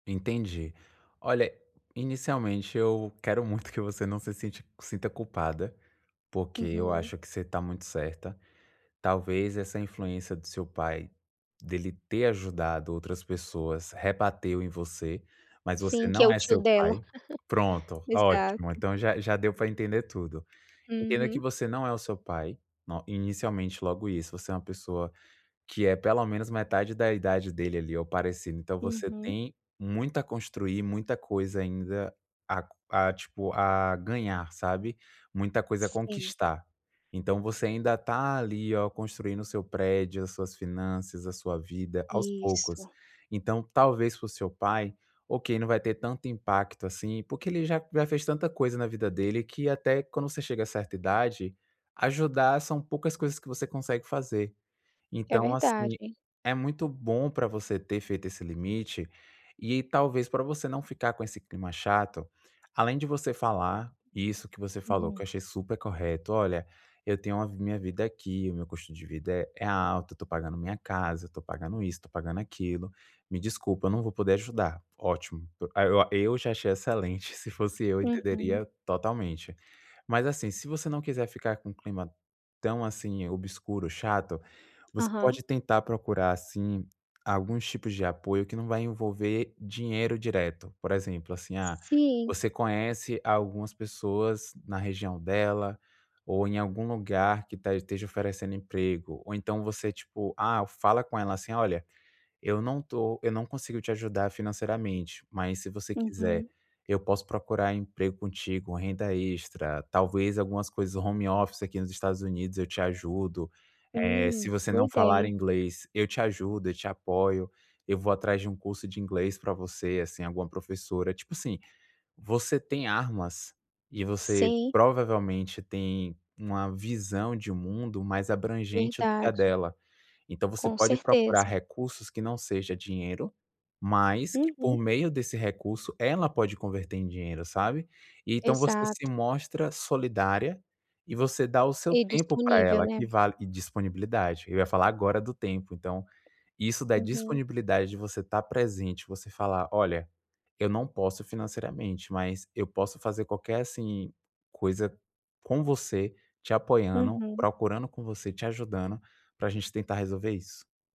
Entendi. Olha, inicialmente eu quero muito que você não se sinte sinta culpada, porque eu Uhum. acho que você está muito certa. Talvez essa influência do seu pai, dele ter ajudado outras pessoas, rebateu em você, mas você Sim, que é não o é tio seu dela. pai. Pronto, ótimo, Exato. então já já deu para entender tudo. Entenda que Uhum. você não é o seu pai no inicialmente, logo isso, você é uma pessoa que é pelo menos metade da idade dele ali, ou parecido. Então você Uhum. tem muito a construir, muita coisa ainda a co a tipo a ganhar, sabe? Muita coisa a Sim. conquistar. Então você ainda está ali, ó, construindo o seu prédio, as suas finanças, a sua vida aos poucos. Isso. Então talvez pro seu pai, ok, não vai ter tanto impacto assim, porque ele já já fez tanta coisa na vida dele que, até quando você chega a certa idade, ajudar são poucas coisas que você consegue fazer. É Então, assim, verdade. é muito bom para você ter feito esse limite e talvez, para você não ficar com esse clima chato. Além de você falar isso que você falou, que eu Aham. achei super correto: "Olha, eu tenho a minha vida aqui, o meu custo de vida é alto, eu estou pagando minha casa, eu estou pagando isso, pagando aquilo. Me desculpa, não vou poder ajudar.". Ótimo, ó, eu já achei excelente, se fosse eu Uhum. entenderia totalmente. Mas, assim, se você não quiser ficar com clima tão assim obscuro, chato, você Aham. pode tentar procurar, assim, alguns tipos de apoio que não vai envolver dinheiro direto. Por exemplo, assim, ah, Sim. você conhece algumas pessoas na região dela, ou em algum lugar que tá esteja oferecendo emprego, ou então você tipo, ah, fala com ela assim: "Olha, eu não estou, eu não consigo te ajudar financeiramente, mas, se você quiser, Uhum. eu posso procurar emprego contigo, renda extra, talvez algumas coisas home office aqui nos Estados Unidos eu te ajudo. Eh, Hum, se você boa não falar ideia. inglês, eu te ajudo, eu te apoio, eu vou atrás de um curso de inglês para você, assim, alguma professora.". Tipo assim, você tem armas e você Sim. provavelmente tem uma visão de mundo mais abrangente do que a Verdade. dela. Então você Com pode procurar certeza. recursos que não seja dinheiro, mas que, por Uhum. meio desse recurso, ela pode converter em dinheiro, sabe? E então você se Exato. mostra solidária e você dá o seu E tempo para disponível, ela, né. que vale e disponibilidade eu ia falar agora do tempo. Então isso da Aham. disponibilidade, de você estar presente, você falar: "Olha, eu não posso financeiramente, mas eu posso fazer qualquer assim coisa com você, te apoiando, Uhum. procurando com você, te ajudando para a gente tentar resolver isso.".